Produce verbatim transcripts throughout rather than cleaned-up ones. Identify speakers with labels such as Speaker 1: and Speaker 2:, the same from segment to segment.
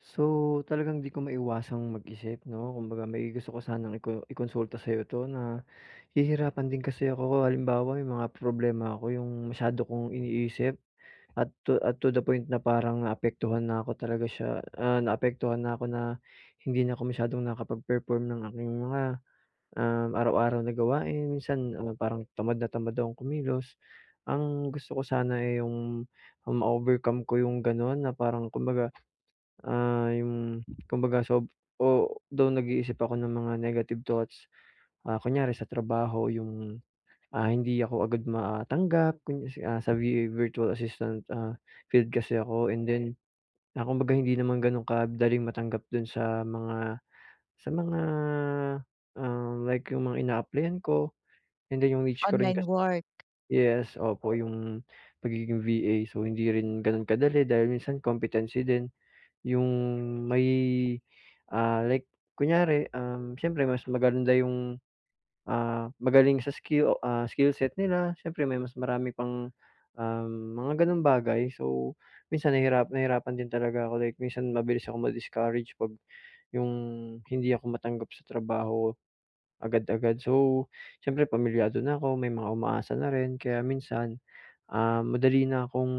Speaker 1: So, talagang hindi ko maiwasang mag-isip 'no, kumbaga may gusto ko sanang iko i-konsulta sa'yo 'to nahihirapan din kasi ako. Halimbawa may mga problema ako 'yong masyado kong iniisip at to at to the point na parang naapektuhan na ako talaga siya, ah, naapektuhan na ako na hindi na ako masyadong nakapag-perform ng aking mga, um, araw-araw na gawain. Minsan, ah, parang tamad na tamad akong kumilos. Ang gusto ko sana, eh, 'yong, ah, ma-overcome ko 'yong gano'n na parang kumbaga, ah, 'yong kumbaga sob o though nag-iisip ako ng mga negative thoughts. Ah, kunwari sa trabaho 'yong, ah, hindi ako agad matanggap kung i ah, sa V-A, virtual assistant, ah, field kasi ako and then, ah, kumbaga hindi naman gano'n kadaling matanggap do'n sa mga sa mga, ah, like 'yong mga ina-applyan ko and then 'yong niche ko rin
Speaker 2: Online
Speaker 1: kasi
Speaker 2: work?
Speaker 1: yes, opo 'yong pagiging V-A. So hindi rin gano'n kadali dahil minsan competency din 'yong may, ah, like kunwari, um, siyempre mas maganda 'yong, ah, magaling sa skill o, ah, skill set nila. Siyempre may mas marami pang, um mga gano'ng bagay. So minsan nahihirap nahirapan din talaga ako. Like minsan mabilis akong ma-discourage pag 'yong hindi ako matanggap sa trabaho agad-agad. So siyempre pamilyado na ako may mga umaasa na rin. Kaya minsan, um, madali na akong,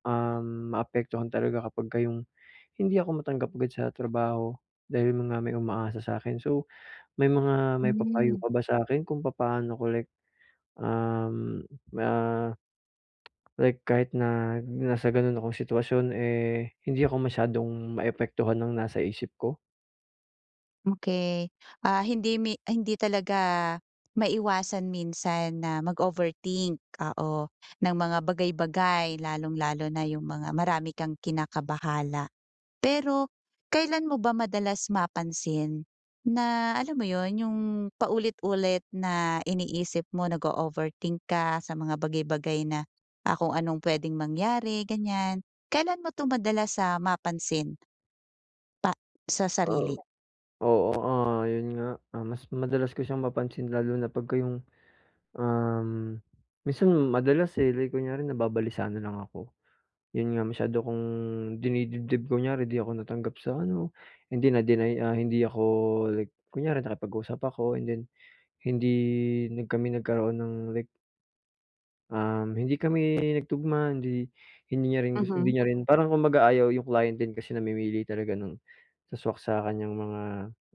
Speaker 1: um, maapektuhan talaga kapagka 'yong hindi ako matanggap agad sa trabaho dahil yun nga may umaasa sa akin. So may mga maipapayo
Speaker 2: Mm.
Speaker 1: ka ba sa akin kung papaano ko like, um, ma Like kahit na nasa gano'n akong sitwasyon, eh hindi ako masyadong maapektuhan ng nasa isip ko?
Speaker 2: Okey. Ah, hindi mi hindi talaga maiwasan minsan na mag-overthink, oo, ng mga bagay-bagay lalong-lalo na yung mga marami kang kinakabahala. Pero kailan mo ba madalas mapansin na, alam mo 'yon, yung paulit-ulit na iniisip mo nag-o-overthink ka sa mga bagay-bagay na, ah, kung anong puwedeng mangyari, ganyan. Kailan mo 'to madalas, ah, mapansin pa sa sarili?
Speaker 1: Oo. Oo, ah, 'yon nga. Ah, mas madalas ko siyang mapansin lalo na pagka yung, um, minsan madalas, eh, like kunyari nababalisa na lang ako. 'Yon nga masyado kong dinidibdib kunyari di ako natanggap sa ano, hindi na-deny ah, hindi ako like kunyari nakipag-usap ako and then hindi na kami nagkaroon ng like um, hindi kami nagtugma hindi hindi niya rin gus
Speaker 2: Mhm.
Speaker 1: hindi niya rin parang kumbaga ayaw, yung client din kasi namimili talaga ng sa-swak sa kanyang mga,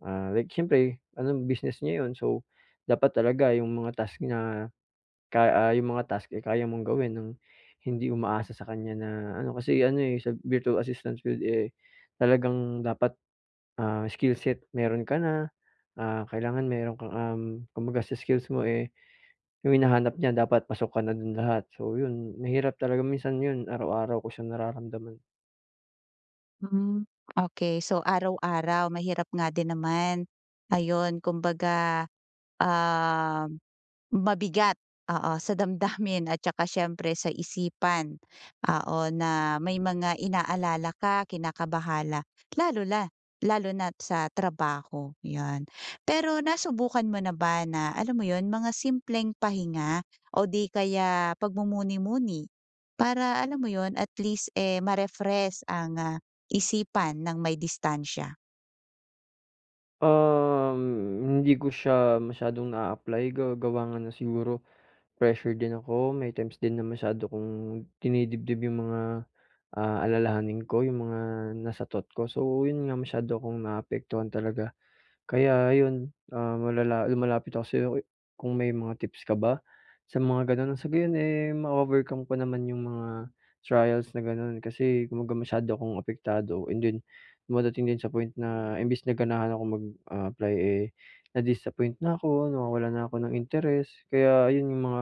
Speaker 1: ah, like siyempre ano business niya 'yon so, dapat talaga yung mga task niya kay ah, yung mga task, eh, kaya mong gawin nang hindi umaasa sa kanya na ano. Kasi ano, eh, sa Virtual Assistance field, eh, talagang dapat, ah, skill set mayro'n ka na, ah, kailangan mayro'n kang, um, kumbaga sa skills mo, eh, yung hinahanap niya dapat pasok ka na do'n lahat. So, 'yon mahirap talaga minsan 'yon araw-araw ko siyang nararamdaman.
Speaker 2: Hmm. Okey. So, araw-araw mahirap nga din naman. Ayun, kumbaga, ah, mabigat, oo, sa damdamin at saka siyempre sa isipan. Oo, na may mga inaalala ka, kinakabahala, lalo la lalo na't sa trabaho, 'yon. Pero nasubukan mo na ba na, alam mo 'yon? Mga simpleng pahinga o 'di kaya pagmumuni-muni? Para, alam mo 'yon, at least, eh, ma-refresh ang, ah, isipan ng may distansiya.
Speaker 1: Um, hindi ko siya masyadong naa-apply ga gawa nga ng siguro, pressure din ako. May times din na masyado kong dinidibdib yung mga, ah, alalahanin ko, yung mga nasa thought ko. So, yun nga masyado akong naapektuhan talaga. Kaya ayun, ah, malala lumalapit ako sa'yo, kung may mga tips ka ba sa mga ganun? Sa gayon eh, ma-overcome ko naman yung mga trials na ganun. Kasi kumbaga masyado akong apektado and then dumadating din sa point na imbes na ganahan akong mag, ah, apply eh, na-disappoint na ako, nawawalan na ako ng interes, kaya yun yung mga,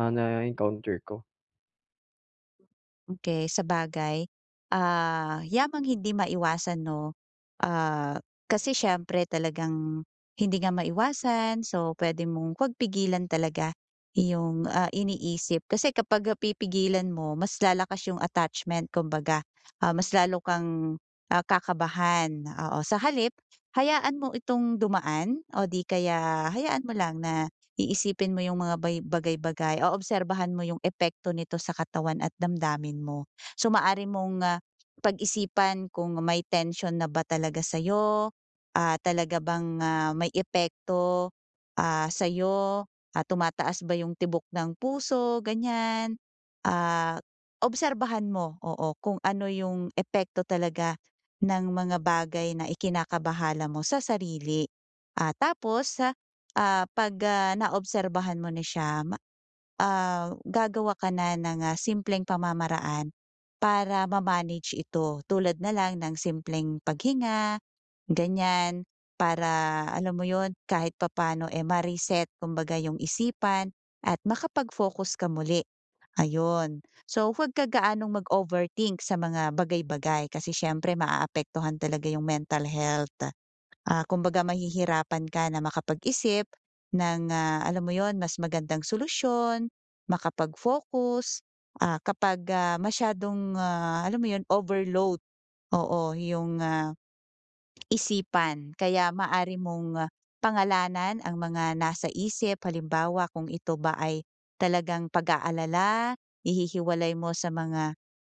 Speaker 1: ah, nae-encounter ko.
Speaker 2: Okey. Sabagay, ah, yamang hindi maiwasan 'no, ah, kasi siyempre talagang hindi nga maiwasan so, puwede mong 'wag pigilan talaga yung, ah, iniisip. Kasi kapag pipigilan mo mas lalakas yung attachment kumbaga, ah, mas lalo kang, ah kakabahan, oo. Sa halip hayaan mo itong dumaan o di kaya hayaan mo lang na iisipin mo yung mga bay bagay-bagay o obserbahan mo yung epekto nito sa katawan at damdamin mo. So, maaari mong, ah, pag-isipan kung may tensyon na ba talaga sa'yo, ah, talaga bang, ah, may epekto, ah, sa'yo, ah, tumataas ba yung tibok ng puso, ganyan? Ah, obserbahan mo, oo, kung ano yung epekto talaga ng mga bagay na ikinakabahala mo sa sarili. Ah, tapos, ah 'pag, ah naobserbahan mo na siya ma ah, gagawa ka na ng, ah, simpleng pamamaraan para ma-manage ito tulad na lang ng simpleng paghinga ganyan, para alam mo 'yon kahit papaano, eh, ma-reset kumbaga yung isipan at makapag-focus ka muli, ayun. So, huwag ka gaanong mag-overthink sa mga bagay-bagay kasi siyempre maaapektuhan talaga yung mental health, ah, kumbaga mahihirapan ka na makapag-isip ng, ah, alam mo 'yon mas magandang solusyon, makapag-focus, ah kapag, ah, masyadong, ah, alam mo 'yon overload, oo, yung, ah isipan. Kaya maaari mong pangalanan ang mga nasa isip, halimbawa kung ito ba ay talagang pag-aalala, i-hi-hiwalay mo sa mga,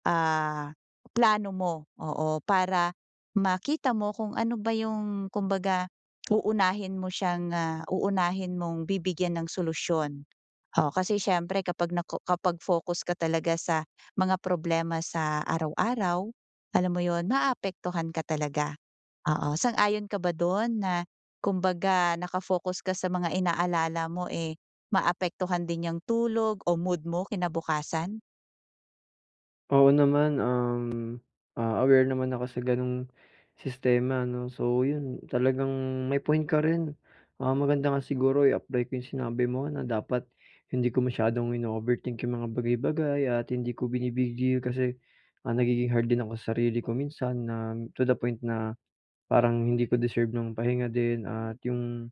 Speaker 2: ah, plano mo, oo, para makita mo kung ano ba yung kumbaga uunahin mo siyang, ah, uunahin mong bibigyan ng solusyon oo. Kasi siyempre kapag nako kapag focus ka talaga sa mga problema sa araw-araw alam mo 'yon, maaapektuhan ka talaga, oo. Sang-ayon ka ba do'n na kumbaga naka-focus ka sa mga inaalala mo, eh, maapektuhan din yang tulog o mood mo kinabukasan?
Speaker 1: Oo naman, um, ah, aware naman ako sa gano'ng sistema 'no? So yun talagang may point ka rin. Ah, maganda nga siguro i-apply ko yung sinabi mo na dapat hindi ko masyadong ino-overthink yung mga bagay-bagay at hindi ko bini-big deal kasi, ah, nagiging hard din ako sarili ko minsan na, to the point na parang hindi ko deserve ng pahinga din. At yung,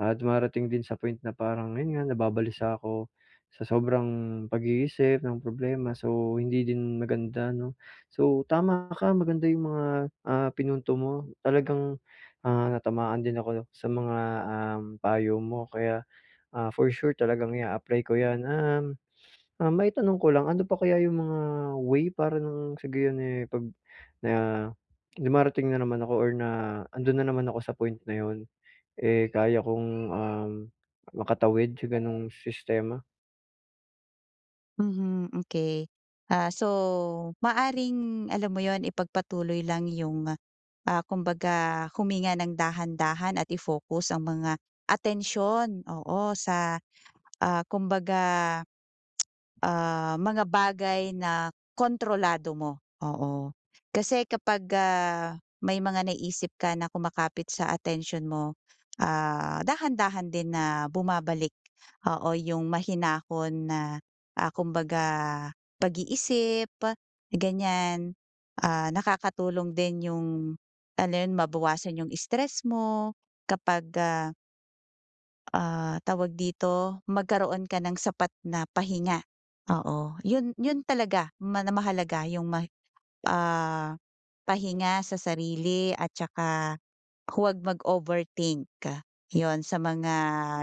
Speaker 1: ah, dumarating din sa point na parang yun nga, nababalisa ako sa sobrang pag-iisip ng problema, so hindi din maganda 'no? So, tama ka maganda yung mga, ah, pinunto mo talagang, ah, natamaan din ako sa mga, um, payo mo kaya, ah, for sure talagang i-a-apply ko yan. Um, ah, maitanong ko lang ano pa kaya yung mga way para nang sa gayon, eh, pag na dumarating na naman ako or na andun na naman ako sa point na 'yon, eh, kaya kong, um, makatawid sa gano'ng sistema?
Speaker 2: Mhm, hmm, key. Ah, so maaaring alam mo yun, ipagpatuloy lang yung, ah, kumbaga huminga nang dahan-dahan at i-focus ang mga atensyon, oo, sa, ah, kumbaga, ah, mga bagay na kontrolado mo, oo. Kasi kapag, ah, may mga naiisip ka na kumapit sa atensyon mo, ah, dahan-dahan din na bumabalik, oo, yung mahinahon na, ah, kumbaga pag-iisip, ganyan. Ah, nakakatulong din yung ano yun, mabawasan yung stress mo kapag, ah Ah, tawag dito, magkaroon ka ng sapat na pahinga. Oo, 'yon 'yon talaga. Mana mahalaga 'yong ma ah, pahinga sa sarili at tsaka huwag mag-overthink. 'Yon sa mga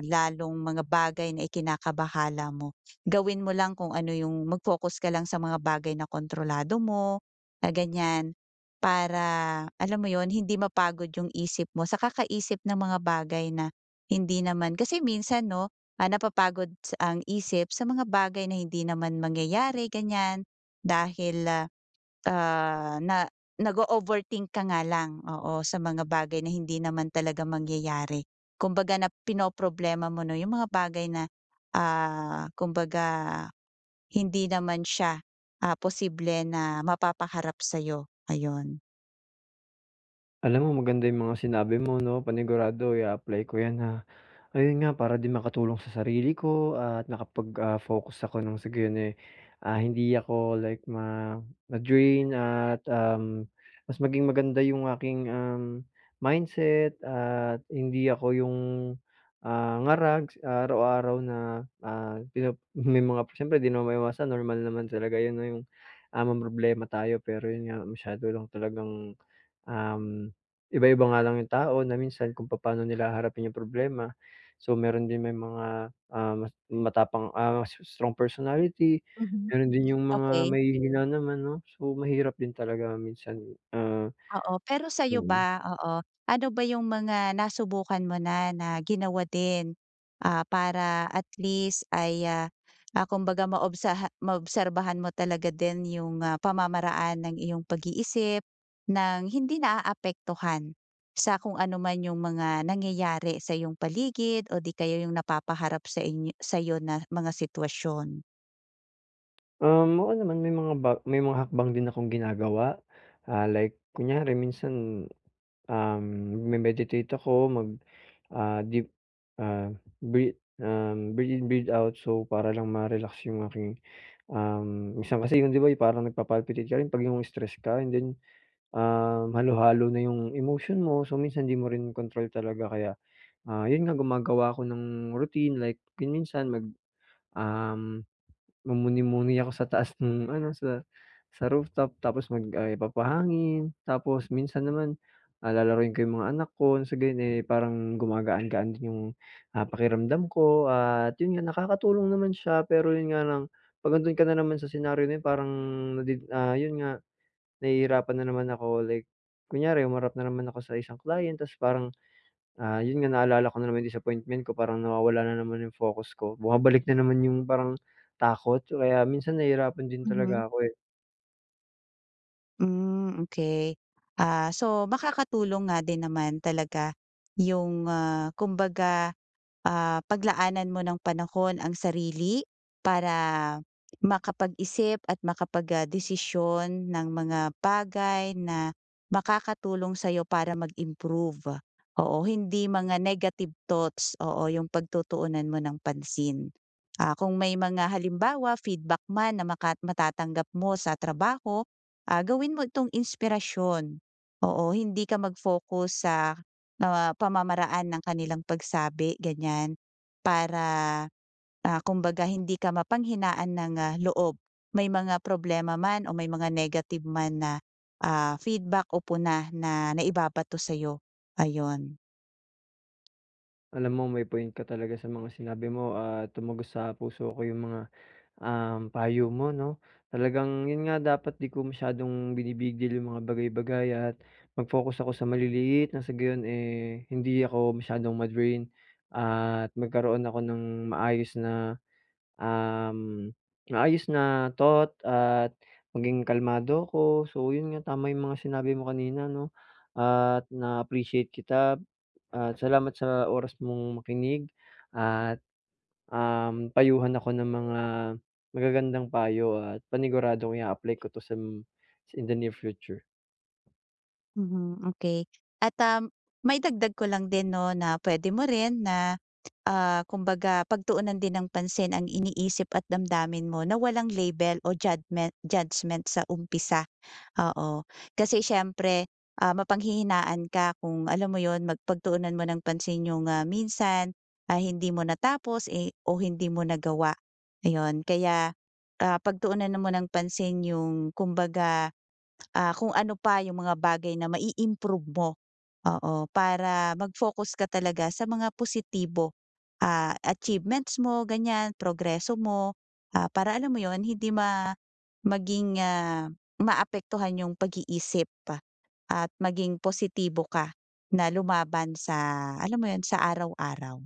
Speaker 2: lalong mga bagay na ikinakabahala mo. Gawin mo lang kung ano 'yong mag-focus ka lang sa mga bagay na kontrolado mo, na ganiyan. Para, alam mo 'yon, hindi mapagod 'yong isip mo sa kakaisip ng mga bagay na hindi naman kasi minsan 'no, ah, napapagod sa ang isip sa mga bagay na hindi naman mangyayari, ganiyan. Dahil, ah, ah, na nag-o-overthink ka nga lang, oo, sa mga bagay na hindi naman talaga mangyayari. Kumbaga na pinoproblema mo 'no 'yong mga bagay na, ah, kumbaga hindi naman siya, ah, posible na mapapaharap sa'yo, ayun.
Speaker 1: Alam mo, maganda 'yung mga sinabi mo 'no. Panigurado ia-apply ko 'yan, ha. Ayun nga para din makatulong sa sarili ko at nakapag, ah, focus ako nang sa gayon, eh, ah, hindi ako like ma ma-drain at um, mas maging maganda 'yong aking, um, mindset at hindi ako 'yong, ah, ngarag s araw-araw na, ah, pino may mga siyempre 'di naman maiwasan, normal naman talaga 'yon 'no 'yong, ah, mamroblema tayo. Pero 'yon nga, masyado lang talagang, um, iba-iba nga lang yung tao na minsan kung papaano nila haharapin yung problema. So meron din may mga, ah, mas matapang, ah s strong personality,
Speaker 2: Mhm,
Speaker 1: meron din 'yong mga
Speaker 2: okey.
Speaker 1: mahihina naman, 'no. So mahirap din talaga minsan, ah
Speaker 2: Oo, pero sa'yo
Speaker 1: Mm.
Speaker 2: ba? Oo. Ano ba 'yong mga nasubukan mo na, na ginawa din, ah, para at least ay, ah, ah, kumbaga maobsaha maobserbahan mo talaga din 'yong, ah, pamamaraan ng iyong pag-iisip nang hindi naaapektuhan sa kung ano man 'yong mga nangyayari sa iyong paligid o 'di kaya 'yong napapaharap sa inyo sa'yo na mga sitwasyon?
Speaker 1: Um, oo naman may mga ba may mga hakbang din akong ginagawa. Ah, like kunyari minsan, um, magme-meditate ako, mag ah, deep, ah, breath um, breath in breath out. So, para lang ma-relax yung aking, um, minsan kasi yung 'di ba yung parang nagpa-palpitate ka rin 'pag yung stressed ka and then, um, halu-halo na 'yong emotion mo. So minsan di mo rin kontrol talaga kaya, ah, yun nga gumagawa ako ng routine like kung minsan mag um, mumuni-muni ako sa taas nung ano sa sa rooftop. Tapos mag ah, papahangin tapos minsan naman, ah, lalaruin ko yung mga anak ko nang sa gayun eh parang gumagaan-gaan din yung, ah, pakiramdam ko at yun nga nakakatulong naman siya pero yun nga lang 'pag andun ka na naman sa senaryo na yun, parang nade ah yun nga nahihirapan na naman ako like, kunyari humarap na naman ako sa isang client ta's parang, ah, yun nga naalala ko na naman yung disappointment ko parang nawawala na naman yung focus ko. Bumabalik na naman yung parang takot kaya minsan nahihirapan din
Speaker 2: Mhm.
Speaker 1: talaga ako, eh.
Speaker 2: Hmm, okey. Ah, so makakatulong nga din naman talaga yung, ah, kumbaga, ah, paglaanan mo ng panahon ang sarili para makapag-isip at makapag, ah, desisyon ng mga bagay na makakatulong sa'yo para mag-improve. Oo, hindi mga negative thoughts, oo, 'yong pagtutuunan mo ng pansin. Ah, kung may mga halimbawa feedback man na makat matatanggap mo sa trabaho, ah, gawin mo itong inspirasyon. Oo, hindi ka mag-focus sa, ah, pamamaraan ng kanilang pagsabi, ganyan, para, ah, kumbaga hindi ka mapanghinaan ng, ah, loob may mga problema man o may mga negative man na, ah, feedback o puna na naibabato sa'yo, ayon.
Speaker 1: Alam mo may point ka talaga sa mga sinabi mo at tumagos sa puso ko yung mga, um, payo mo, 'no? Talagang yun nga, dapat 'di ko masyadong binibig-deal yung mga bagay-bagay at mag-focus ako sa maliliit, nang sa gayun, eh, hindi ako masyadong ma-drain at magkaroon ako ng maayos na, um, maayos na thought at maging kalmado ako. So yun nga, tama yung mga sinabi mo kanina, 'no at na-appreciate kita. At salamat sa oras mong makinig at um, payuhan ako ng mga magagandang payo at paniguradong i-a-apply ko to sam sa in the near future.
Speaker 2: Mhm, okey at, um, maidagdag ko lang din 'no na puwede mo rin na, ah, kumbaga pagtuunan din ng pansin ang iniisip at damdamin mo na walang label o jadmen judgement sa umpisa, oo. Kasi siyempre, ah, mapanghihinaan ka kung alam mo 'yon, mag pagtuunan mo ng pansin yung, ah, minsan, ah, hindi mo natapos, eh o hindi mo nagawa, ayon. Kaya, ah, pagtuunan mo ng pansin yung kumbaga, ah, kung ano pa yung mga bagay na ma-i-improve mo, oo, para mag-focus ka talaga sa mga positibo, ah, achievements mo ganyan, progreso mo, ah, para alam mo 'yon, hindi ma maging, ah, maapektuhan 'yong pag-iisip at maging positibo ka na lumaban sa alam mo 'yon, sa araw-araw.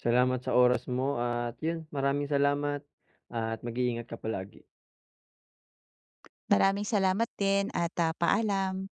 Speaker 1: Salamat sa oras mo at yun, maraming salamat at mag-iingat ka palagi.
Speaker 2: Maraming salamat din at, ah, paalam.